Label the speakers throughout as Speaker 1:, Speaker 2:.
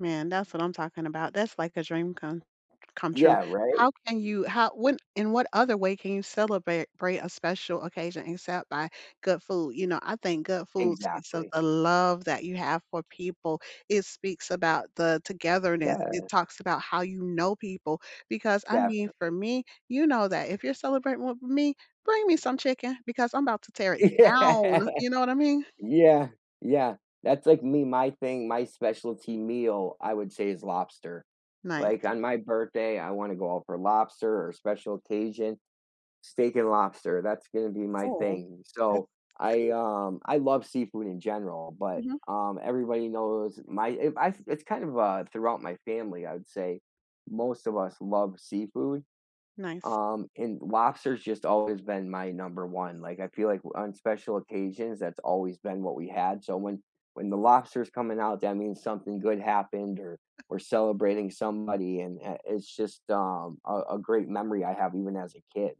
Speaker 1: Man, that's what I'm talking about, that's like a dream come come true.
Speaker 2: Yeah, right?
Speaker 1: How can you how when in what other way can you celebrate brate a special occasion except by good food, you know, I think good foods speaks of
Speaker 2: Exactly.
Speaker 1: the love that you have for people. It speaks about the togetherness. It
Speaker 2: Yeah.
Speaker 1: talks about how you know people, because I mean, for
Speaker 2: Definitely.
Speaker 1: me, you know that if you're celebrating with me, bring me some chicken because I'm about to tear it
Speaker 2: Yeah.
Speaker 1: down, you know what I mean?
Speaker 2: Yeah, yeah. That's like me, my thing- my specialty meal- I would say, is lobster. Like,
Speaker 1: Nice.
Speaker 2: on my birthday, I wanna go out for lobster, or special occasion- steak and lobster- that's gonna be my
Speaker 1: Oh,
Speaker 2: thing.
Speaker 1: sounds
Speaker 2: So, I,
Speaker 1: good.
Speaker 2: um I love seafood in general, but,
Speaker 1: Mhm.
Speaker 2: um, everybody knows my if I it's kind of, uh, throughout my family, I would say, most of us love seafood,
Speaker 1: Nice.
Speaker 2: um, and lobster's just always been my number 1, like, I feel like o on special occasions that's always been what we had, so when when the lobster's coming out, that means something good happened or we're celebrating somebody, and, uh, it's just, um, a a great memory I have even as a kid.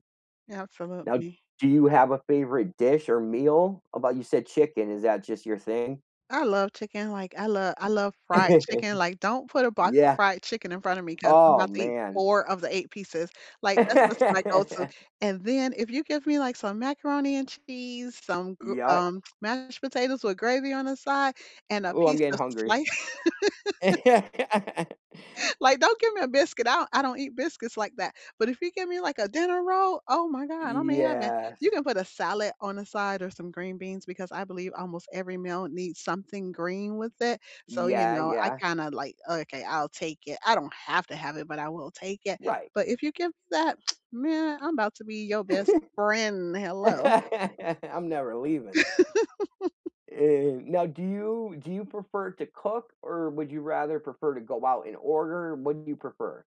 Speaker 2: Now,
Speaker 1: Absolutely.
Speaker 2: do you have a favorite dish or meal? About you said chicken, is that just your thing?
Speaker 1: I love chicken, like, I lo I love fried chicken, like, don't put a box of
Speaker 2: Yeah.
Speaker 1: fried chicken in front of me 'cause I'm
Speaker 2: Oh,
Speaker 1: about to eat
Speaker 2: man.
Speaker 1: 4 of the 8 pieces, like, that's what's my go-to, and then if you give me, like, some macaroni and cheese, some gr
Speaker 2: Yeah.
Speaker 1: um, mashed potatoes with gravy on the side and a
Speaker 2: Ooh, I'm
Speaker 1: piece
Speaker 2: getting
Speaker 1: of
Speaker 2: hungry.
Speaker 1: slice Like, don't give me a biscuit, I don't I don't eat biscuits like that, but if you give me, like, a dinner roll? Oh my God, I may have that. You
Speaker 2: Yes.
Speaker 1: can put a salad on the side or some green beans because I believe almost every meal needs something green with it. So, you
Speaker 2: Yeah,
Speaker 1: know, I
Speaker 2: yeah.
Speaker 1: kinda, like, "Okay, I'll take it." I don't have to have it, but I will take it.
Speaker 2: Right.
Speaker 1: But, if you give that, man, I'm about to be your best friend, hello.
Speaker 2: I'm never leaving. Eh, now do you do you prefer to cook, or would you rather prefer to go out and order? What do you prefer?